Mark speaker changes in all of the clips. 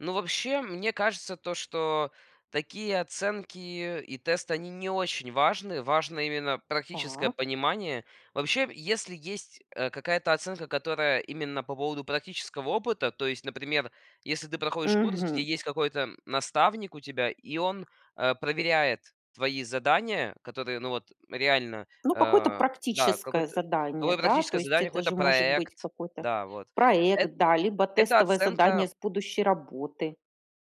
Speaker 1: Ну, вообще, мне кажется, то, что такие оценки, и тесты, они не очень важны. Важно именно практическое
Speaker 2: Так.
Speaker 1: понимание. Вообще, если есть, э, какая-то оценка, которая именно по поводу практического опыта, то есть, например, если ты проходишь курс,
Speaker 2: Мгм.
Speaker 1: где есть какой-то, м, наставник у тебя, и он, э, проверяет твои задания, которые ну вот реально,
Speaker 2: Ну, какое-то
Speaker 1: а да,
Speaker 2: практическое
Speaker 1: какое-то,
Speaker 2: задание,
Speaker 1: какое
Speaker 2: да. То
Speaker 1: практическое
Speaker 2: есть,
Speaker 1: задание,
Speaker 2: это
Speaker 1: какой-то
Speaker 2: же может быть
Speaker 1: проект.
Speaker 2: какой-то
Speaker 1: Да, вот, эт
Speaker 2: проект, да либо
Speaker 1: это
Speaker 2: тестовое
Speaker 1: оценка
Speaker 2: задание с будущей работы.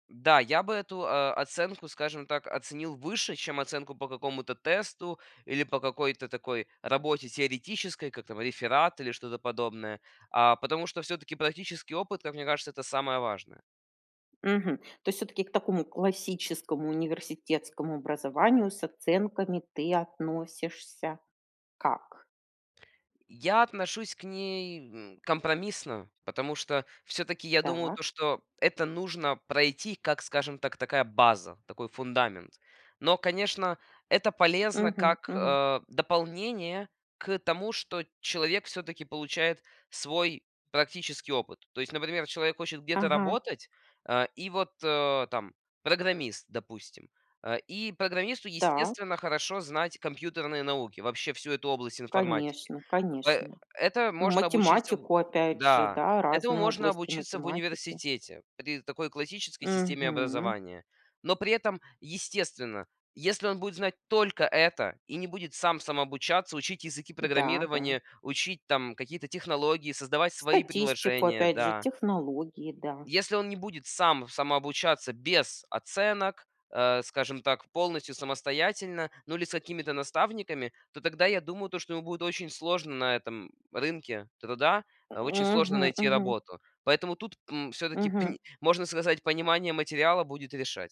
Speaker 1: М, да, я бы эту, э, оценку, скажем так, оценил выше, чем оценку по какому-то тесту или по какой-то такой работе теоретической, как там реферат или что-то подобное. А, потому что всё-таки практический опыт, как мне кажется, это самое важное.
Speaker 2: Мгм. То есть всё-таки к такому классическому университетскому образованию с оценками, ты относишься как?
Speaker 1: Я отношусь к ней, м, компромиссно, потому что всё-таки я думаю,
Speaker 2: Так.
Speaker 1: то что это нужно пройти как, скажем так, такая база, такой фундамент. Но, конечно, это полезно
Speaker 2: Мгм
Speaker 1: как,
Speaker 2: мгм.
Speaker 1: э, дополнение к тому, что человек всё-таки получает свой практический опыт. То есть, например, человек хочет где-то
Speaker 2: Ага.
Speaker 1: работать, э, и вот, э, там программист, допустим, а, и программисту
Speaker 2: Так.
Speaker 1: естественно хорошо знать компьютерные науки, вообще всю эту область информатики.
Speaker 2: Конечно
Speaker 1: Пэ
Speaker 2: конечно.
Speaker 1: это
Speaker 2: Ну
Speaker 1: можно обучиться у
Speaker 2: математику опять же,
Speaker 1: Да,
Speaker 2: да,
Speaker 1: этому
Speaker 2: разные
Speaker 1: можно
Speaker 2: области
Speaker 1: обучиться в
Speaker 2: математики.
Speaker 1: университете при такой классической системе
Speaker 2: Мгм.
Speaker 1: образования. Но при этом, естественно, если он будет знать только это и не будет сам самообучаться, учить языки
Speaker 2: Да, да.
Speaker 1: программирования, учить там какие-то технологии, создавать свои
Speaker 2: Статистику,
Speaker 1: приложения,
Speaker 2: опять же,
Speaker 1: да.
Speaker 2: технологии, да.
Speaker 1: Если он, не будет сам самообучаться без оценок, э, скажем так, полностью самостоятельно, ну, или с какими-то наставниками, то тогда я думаю, то, что ему будет очень сложно на этом рынке труда, э, очень сложно
Speaker 2: Мгм
Speaker 1: найти
Speaker 2: мгм.
Speaker 1: работу. Поэтому тут, м, всё-таки,
Speaker 2: Мгм.
Speaker 1: пни можно сказать, понимание материала будет решать.